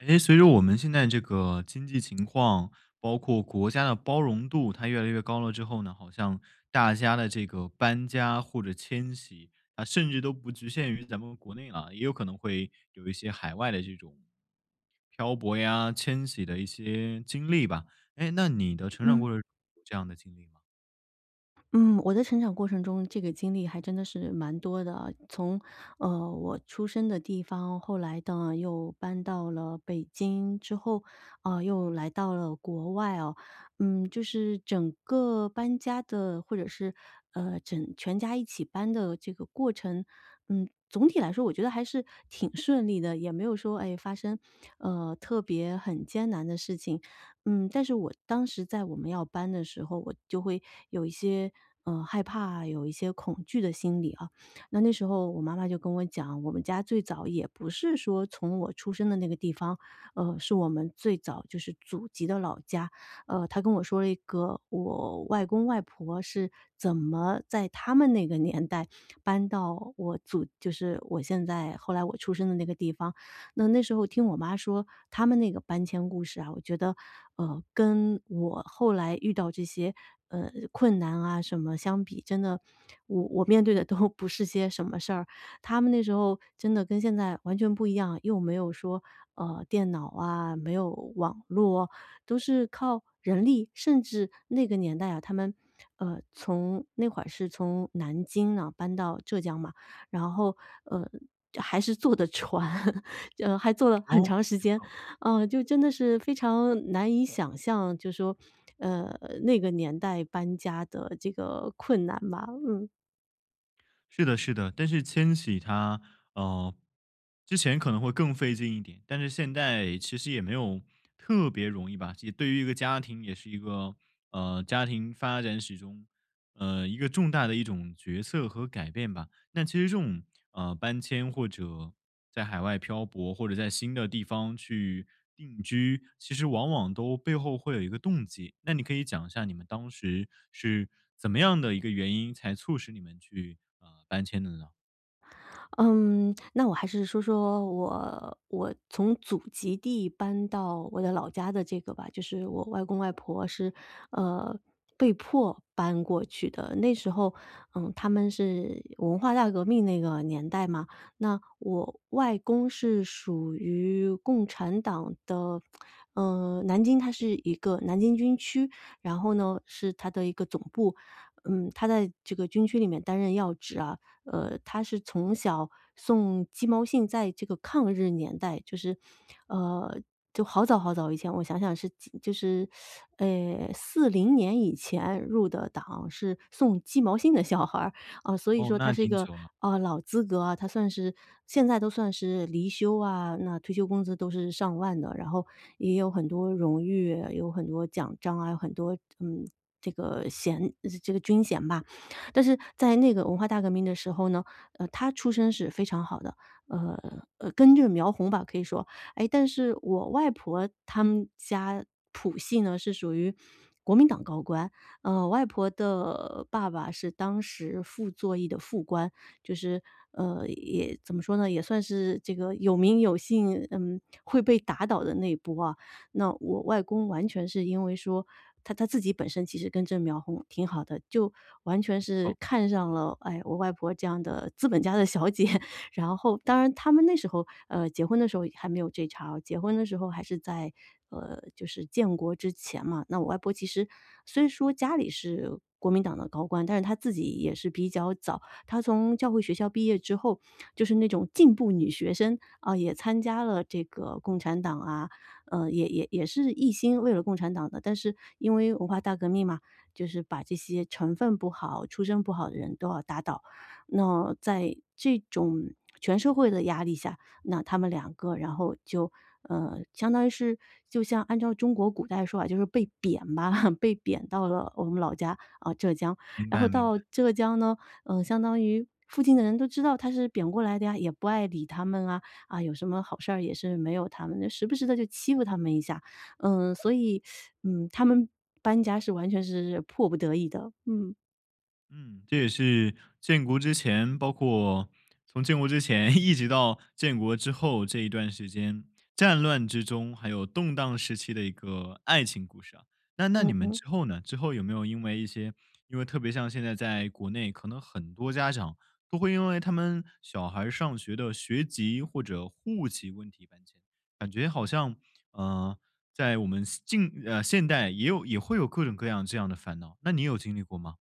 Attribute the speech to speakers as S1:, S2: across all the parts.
S1: 诶，随着我们现在这个经济情况，包括国家的包容度，它越来越高了之后呢，好像大家的这个搬家或者迁徙，啊甚至都不局限于咱们国内啊，也有可能会有一些海外的这种漂泊呀、迁徙的一些经历吧，诶，那你的成长
S2: 嗯。
S1: 过程有这样的经历吗？
S2: 嗯，我的成长过程中这个经历还真的是蛮多的，呃，从，呃，我出生的地方，后来呢又搬到了北京之后，呃，又来到了国外啊，嗯，就是整个搬家的，或者是，呃，整全家一起搬的这个过程，嗯，总体来说我觉得还是挺顺利的，也没有说，诶，发生，呃，特别很艰难的事情。嗯，但是我当时在我们要搬的时候，我就会有一些，呃，害怕，有一些恐惧的心理啊。那那时候我妈妈就跟我讲，我们家最早也不是说从我出生的那个地方，呃，是我们最早就是祖籍的老家，呃，她跟我说了一个我外公外婆是怎么在他们那个年代搬到我祖就是我现在后来我出生的那个地方。那那时候听我妈说他们那个搬迁故事啊，我觉得，呃，跟我后来遇到这些，呃，困难啊什么相比，真的我我面对的都不是些什么事儿，他们那时候真的跟现在完全不一样，又没有说，呃，电脑啊，没有网络，都是靠人力。甚至那个年代啊，他们，呃，从那会儿是从南京呢搬到浙江嘛，然后，呃，还是坐的船，就还坐了很
S1: 哦？
S2: 长时
S1: 没
S2: 间，
S1: 错。
S2: 呃，就真的是非常难以想象，就说，呃，那个年代搬家的这个困难吧，嗯。
S1: 是的是的，但是迁徙它，呃，之前可能会更费劲一点，但是现在其实也没有特别容易吧，及也对于一个家庭也是一个，呃，家庭发展史中，呃，一个重大的一种角色和改变吧。但其实这种，呃，搬迁或者在海外漂泊，或者在新的地方去定居，其实往往都背后会有一个动机，那你可以讲一下你们当时是怎么样的一个原因，才促使你们去，呃，搬迁的呢？
S2: 嗯，那我还是说说我我从祖籍地搬到我的老家的这个吧，就是我外公外婆是，呃，被迫搬过去的。那时候，呃，他们是文化大革命那个年代嘛，那我外公是属于共产党的，呃，南京，它是一个南京军区，然后呢是它的一个总部，嗯，他在这个军区里面担任要职啊。呃，他是从小送鸡毛信在这个抗日年代，就是，呃，就好早好早以前我想想，是几就是 呃40年以前入的党，是送鸡毛信的小孩儿，啊，所以
S1: 哦，
S2: 说他
S1: 那
S2: 是一
S1: 挺
S2: 个，
S1: 久了。
S2: 啊，老资格啊，他算是现在都算是离休啊，那退休工资都是上万的，然后也有很多荣誉，啊有很多奖章啊，有很多这，嗯，这个衔，呃，这个军衔吧。但是在那个文化大革命的时候呢，呃，他出身是非常好的，呃，呃，根正苗红吧可以说。诶，但是我外婆她们家谱系呢是属于国民党高官。呃，外婆的爸爸是当时傅作义的副官，就是，呃，也怎么说呢？也算是这个有名有姓，嗯，会被打倒的那波啊。那我外公完全是因为说，他他自己本身其实根正苗红挺好的，就完全
S1: 没
S2: 是
S1: 错。
S2: 看上了哎，我外婆这样的资本家的小姐。然后当然他们那时候，呃，结婚的时候也还没有这茬儿啊，结婚的时候还是在，呃，就是建国之前嘛，那我外婆其实虽说家里是国民党的高官，但是她自己也是比较早，她从教会学校毕业之后，就是那种进步女学生，啊也参加了这个共产党啊，呃，也也也是一心为了共产党的。但是因为文化大革命嘛，就是把这些成分不好、出身不好的人都要打倒。那在这种全社会的压力下，那他们2个，然后就，呃，相当于是就像按照中国古代说法，就是被贬吧，被贬到了我们老家，啊，浙江。
S1: 明
S2: 然
S1: 白
S2: 后
S1: 明
S2: 到
S1: 白。
S2: 浙江呢，呃，相当于附近的人都知道他是贬过来的呀，也不爱理他们啊，啊，有什么好事儿也是没有他们的，时不时地就欺负他们一下。呃，所以，嗯，他们搬家是完全是是迫不得已的。嗯。
S1: 嗯，这也是建国之前，包括从建国之前一直到建国之后这一段时间，战乱之中还有动荡时期的一个爱情故事啊，那那你
S2: 嗯
S1: 们
S2: 嗯。
S1: 之后呢？之后有没有因为一些因为特别像现在在国内可能很多家长都会因为他们小孩儿上学的学籍或者户籍问题搬迁，感觉好像，呃，在我们现近，呃，现代也有也会有各种各样这样的烦恼，那你有经历过吗？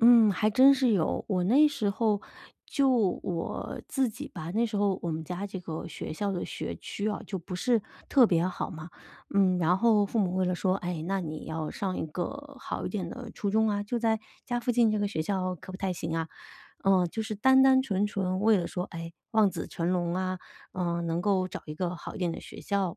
S2: 嗯，还真是有。我那时候就我自己吧，那时候我们家这个学校的学区哦就不是特别好嘛，嗯，然后父母为了说：“哎，那你要上一个好一点的初中啊，就在家附近这个学校可不太行啊！”呃，就是单单纯纯为了说，哎，望子成龙啊，呃，能够找一个好一点的学校，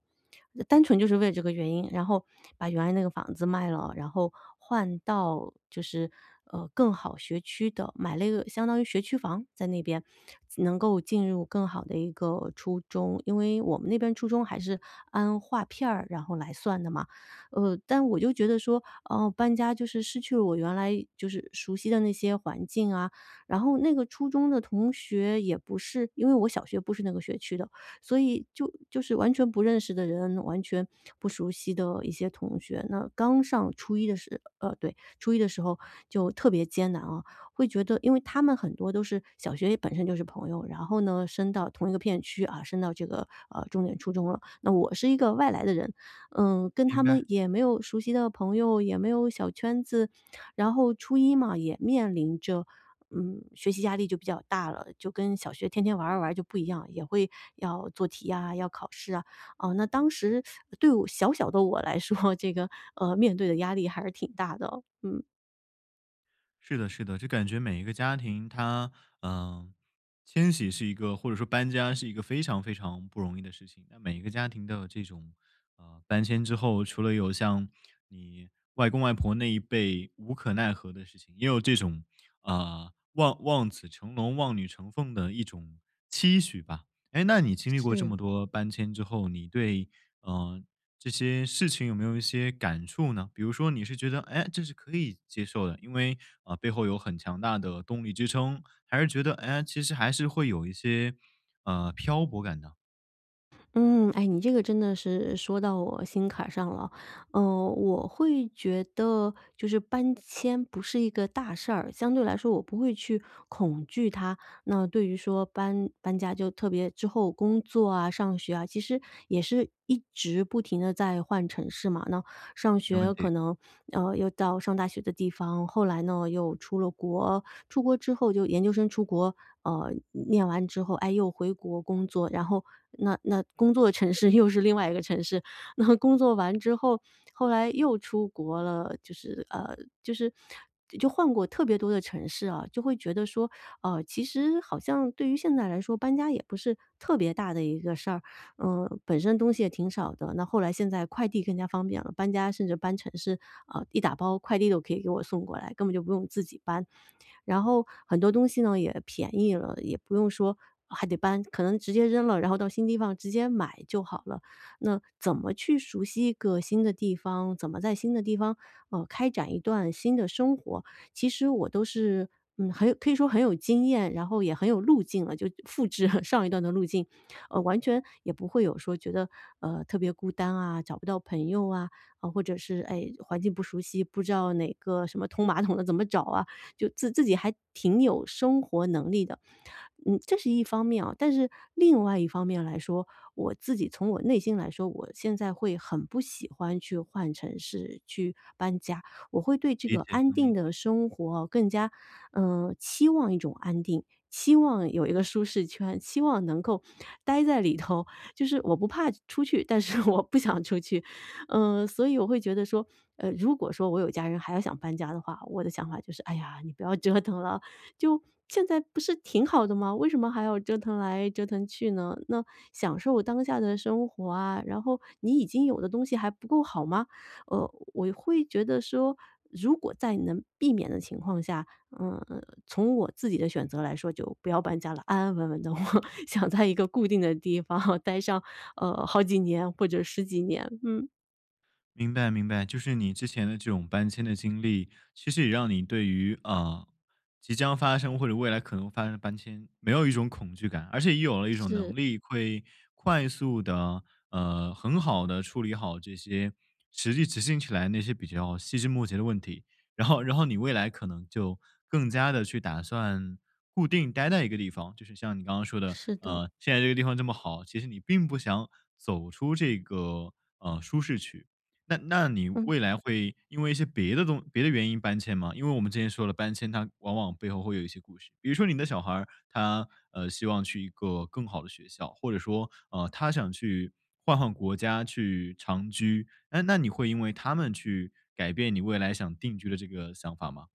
S2: 呃，单纯就是为了这个原因，然后把原来那个房子卖了，然后换到就是，呃，更好学区的，买了一个相当于学区房在那边，自能够进入更好的一个初中，因为我们那边初中还是按划片儿，然后来算的嘛。呃，但我就觉得说，呃，搬家就是失去了我原来就是熟悉的那些环境啊。然后那个初中的同学也不是因为我小学不是那个学区的，所以就就是完全不认识的人，完全不熟悉的一些同学。那刚上初一的时呃，对，初一的时候就特别艰难啊，会觉得因为他们很多都是小学里本身就是朋友，然后呢升到同一个片区，啊升到这个，呃，重点初中了，那我是一个外来的人，嗯，跟他
S1: 明白。
S2: 们也没有熟悉的朋友，也没有小圈子。然后初一嘛也面临着，嗯，学习压力就比较大了，就跟小学天天玩儿玩儿就不一样，也会要做题呀、要考试啊，呃，那当时 对我小小的我来说，这个，呃，面对的压力还是挺大的，嗯。
S1: 是的是的，就感觉每一个家庭它，嗯，迁徙是一个、或者说搬家是一个非常非常不容易的事情。那每一个家庭都有这种，呃，搬迁之后，除了有像你外公外婆那一辈无可奈何的事情，也有这种，呃，望望子成龙望女成凤的一种期许吧。诶，那你经历过这
S2: 是。
S1: 么多搬迁之后，你对，嗯，这些事情有没有一些感触呢？比如说你是觉得，哎，这是可以接受的，因为，呃，背后有很强大的动力支撑，还是觉得，哎，其实还是会有一些，嗯，漂泊感的。
S2: 嗯，哎，你这个真的是说到我心坎儿上了。嗯我会觉得就是搬迁不是一个大事儿，相对来说我不会去恐惧它。那对于说搬搬家就特别之后工作啊上学啊，其实也是一直不停地在换城市嘛。那上
S1: 没问
S2: 学
S1: 题。
S2: 可能，呃，又到上大学的地方，后来呢又出了国，出国之后就研究生出国，呃，念完之后诶又回国工作。然后那那工作的城市又是另外一个城市，那工作完之后，后来又出国了。就是，呃，就是就换过特别多的城市啊，就会觉得说，哦其实好像对于现在来说，搬家也不是特别大的一个事儿。嗯本身东西也挺少的，那后来现在快递更加方便了，搬家甚至搬城市，呃，一打包快递都可以给我送过来，根本就不用自己搬。然后很多东西呢也便宜了，也不用说还得搬，可能直接扔了，然后到新地方直接买就好了。那怎么去熟悉一个新的地方，怎么在新的地方，呃，开展一段新的生活，其实我都是，嗯，很有可以说很有经验，然后也很有路径了。就复制 上一段的路径，哦完全也不会有说觉得，呃，特别孤单啊，找不到朋友啊，呃或者是，哎，环境不熟悉，不知道哪个什么通马桶的怎么找啊，就自自己还挺有生活能力的。嗯，这是一方面哦，但是另外一方面来说，我自己从我内心来说，我现在会很不喜欢去换城市去搬家，我会对这
S1: 理
S2: 个
S1: 解，
S2: 安
S1: 能理
S2: 定
S1: 解。
S2: 的生活更加，呃，期望一种安定，期望有一个舒适圈，期望能够呆在里头。就是我不怕出去，但是我不想出去。嗯，所以我会觉得说，呃，如果说我有家人还要想搬家的话，我的想法就是，哎呀，你不要折腾了。就现在不是挺好的吗？为什么还要折腾来折腾去呢？那享受当下的生活啊，然后你已经有的东西还不够好吗？呃，我会觉得说，如果在你能避免的情况下，嗯呃，从我自己的选择来说就不要搬家了，安安稳稳的，我想在一个固定的地方呆上，呃，好几年或者10几年，嗯。
S1: 明白明白。就是你之前的这种搬迁的经历，其实也让你对于，呃，即将发生或者未来可能发生的搬迁没有一种恐惧感，而且也有了一种
S2: 是。
S1: 能力会快速地，呃，很好地处理好这些实际执行起来那些比较细枝末节的问题。然后然后你未来可能就更加地去打算固定待在一个地方。就是像你刚刚说的，
S2: 是的。
S1: 呃，现在这个地方这么好，其实你并不想走出这个，呃，舒适区。那那你
S2: 嗯。
S1: 未来会因为一些别的东别的原因搬迁吗？因为我们之前说的搬迁它往往背后会有一些故事。比如说你的小孩儿，他，呃，希望去一个更好的学校，或者说，呃，他想去换换国家去长居，那那你会因为他们去改变你未来想定居的这个想法吗？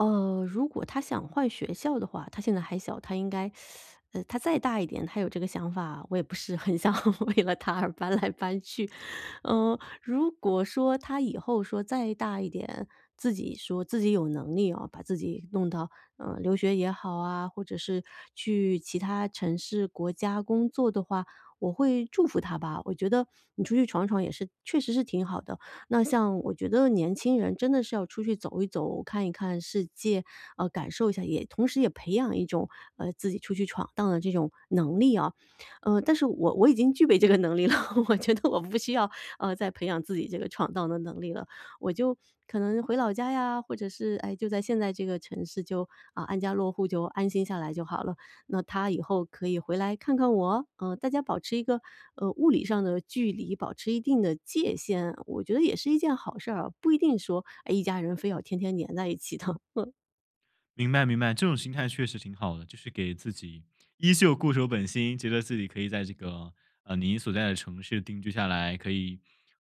S2: 呃，如果他想换学校的话，他现在还小。他应该，呃，他再大一点，他有这个想法，我也不是很想为了他而搬来搬去。呃，如果说他以后说再大一点，自己说自己有能力啊，把自己弄到，呃，留学也好啊，或者是去其他城市国家工作的话，我会祝福他吧。我觉得你出去闯一闯也是确实是挺好的，那像我觉得年轻人真的是要出去走一走，看一看世界，呃，感受一下。也同时也培养一种，呃，自己出去闯荡的这种能力啊。呃，但是我我已经具备这个能力了，我觉得我不需要，呃，再培养自己这个闯荡的能力了。我就可能回老家呀，或者是哎，就在现在这个城市就，呃，安家落户就安心下来就好了。那他以后可以回来看看我，呃，大家保持一个，呃，物理上的距离，保持一定的界限。我觉得也是一件好事儿，不一定说哎一家人非要天天黏在一起的。嗯。
S1: 明白明白，这种心态确实挺好的。就是给自己依旧固守本心，觉得自己可以在这个，呃，您所在的城市定居下来，可以，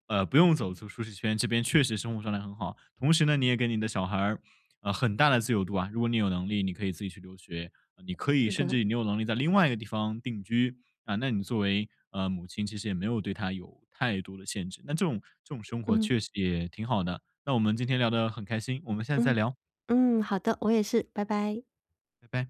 S1: 呃，不用走出舒适圈，这边确实生活状态很好。同时呢，你也给你的小孩儿，呃，很大的自由度啊。如果你有能力，你可以自己去留学，你可以
S2: 是
S1: 甚
S2: 的。
S1: 至于你有能力在另外一个地方定居，啊，那你作为，呃，母亲其实也没有对他有太多的限制。那这种这种生活
S2: 嗯。
S1: 确实也挺好的。那我们今天聊得很开心，我们下次再
S2: 嗯，
S1: 聊。
S2: 嗯，好的，我也是，拜拜。
S1: 拜拜。